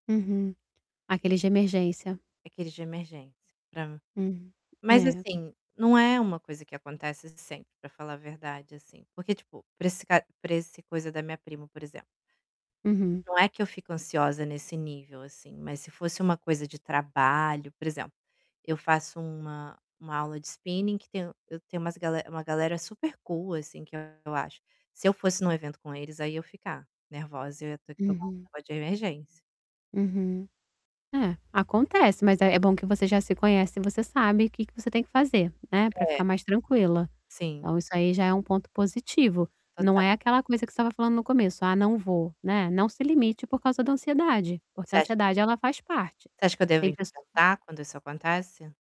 Uhum, aqueles de emergência. Aqueles de emergência para mim. Hum, Mas é. assim, não é uma coisa que acontece sempre, para falar a verdade assim, porque tipo, para esse para essa coisa da minha prima por exemplo Uhum. ...não é que eu fico ansiosa nesse nível, assim, mas se fosse uma coisa de trabalho, por exemplo, eu faço uma uma aula de spinning que tem eu tenho umas uma galera super cool, assim, que eu acho, se eu fosse em um evento com eles aí eu ia ficar nervosa, ia ter que tomar [unintelligible] Uhum. uma de emergência. Uhum. É, acontece mas é bom que você já se conhece e você sabe que que você tem que fazer, né, pra É. ficar mais tranquila. Sim. Então isso aí já é um ponto positivo. Não é Total. aquela coisa que você estava falando no começo, ah não vou, né, não se limite por causa da ansiedade, porque a Voçê acha que você ansiedade acha ela faz parte. que, você acha que eu devo Tem pesso enfrentar quando isso acontece?